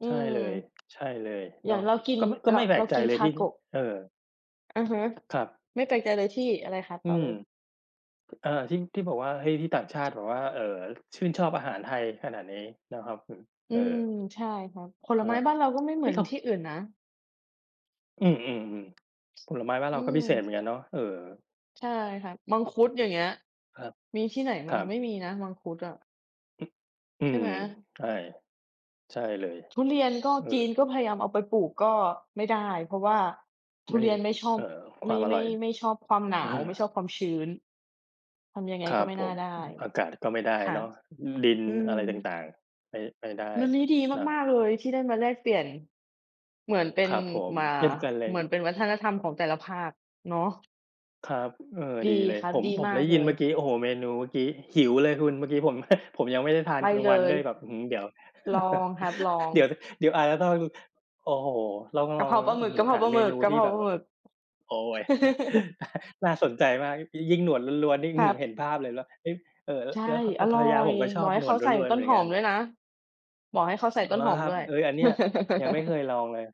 อืใช่ม เลย ใช่เลยอยเน่าาะ งเรากิน ก็ ก็เรา ไม่แปเลรากใจกิน เลยที่ Tako เออ อือฮึ ครับ ไม่แปลกใจเลยที่ อะไรคะ? อืต่อม เลย ก เอ่อ ที่ ที่บอกว่า เฮ้ย ที่ต่างชาติบอกว่า เอ่อ ชื่นชอบอาหารไทยขนาดนี้นะครับผม อเือ่อ ม ใช่ค่ะ ผลอา ไม้บ้านเราก็ไม่เเหมอื๊อยนคที่ำ อื่นนะ อืม ๆ ๆ ผลไม้บ้านเอรืาก็พิม เศษเหมือนกันเนาะ เออ ใช่ค่ะ มังคุด อย่างเงี้ย ครับ มีที่ไหนบค้ารง ัไม่บ มีนะมังคุดอะ อ อใืช่ไม หม? ใช่ ใช่เลย ทุเรียนก็ เอจอ ีนก็พยายามเอาไปปลูกก็ไม่ได้ เพราะว่าทไุม่ไเดรี้ ยนไม่ชอเบ อ่อ คไมวา่ มอไมร่ ่อย ไม่ชอบความหนาอว ไา ม่ชอบความชื้น ทำยังไงครก็ับไม่ผน่าม ได้ อากาศก็ไม่ได้ค่ะ เนาะ อ ดินอือม ะไรต่าง ๆ ไม่ ไม่ได้วันนี้ดีนะ มาก ๆ เลยที่ได้มาแลกเปลี่ยน เหมือนเป็คน รับผม ม อ่า เช่นกันเลเหมือย นเป็นวัฒนธรรมของแต่ละภาค เนาะ ครับ อ เออ ดีดีเลคย รัผบ ม ดีผมมาได้กเลยินย เมื่อกี้ โอ้โฮ เมนูเมื่อกี้ หิวเลยคุณ เมื่อกี้ผม ผมยังไม่ได้ทาไนปกลางเลวันย ด้วยแบบ อื้อฮือ เดี๋ยว ลองครับ ลอง เดี๋ยว เดี๋ยวอาจจะต้อง โอ้โฮ ต้องกลระอเพง ราปลาหอมื้ึอก ฮืกอ ะเพรหาาปลาเมหมึนก ูกะทีเ่พราแบปบ ลาหมึก โอ๊ย น่าสนใจมาก ย ยิ่งหนวดล้วน ๆ นี่ อคื้อรฮัือ เหบ ็นภาพเลย แล้ว เอ๊ย เอ่อ ใช่ แล้ว พ แลอ้วรภร่อรยาผย มก็ชบออบกให้หนเขวดาใส่ ล้วน ตๆ ้เหนมือหนอกัมน ด้วยนะ บอกให้เขาใส่ตเ้หรนอหอมครัดบ ้วย เอ๊ย อันเนี้ยยังไม่เคยลองเลย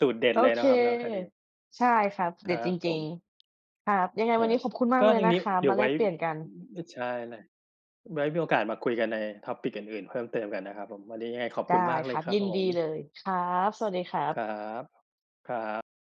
สูตรเด็ดโอเลยเนค ะครับเนาะอันนี้ ใช่ครับ คเดร็ัดจบผริม ง ๆ ครับ ยังไงอวา ันนี้ขอบคุณมากก็เลยทีนะนี้ครับ เดี๋มยาวแไลว้ กเปลี่ยนกัน อ อ ใช่ ไว้มีโอกาสมาคุยกันใน Topic อื่น ๆ เพิ่มเติมกันนะครับผม วันนี้ยังไงขอบไดคุ้ณมากเคลรยับ ครัยบินผดีเม ลยครับ สวัสดีครัคบ รับ ครับ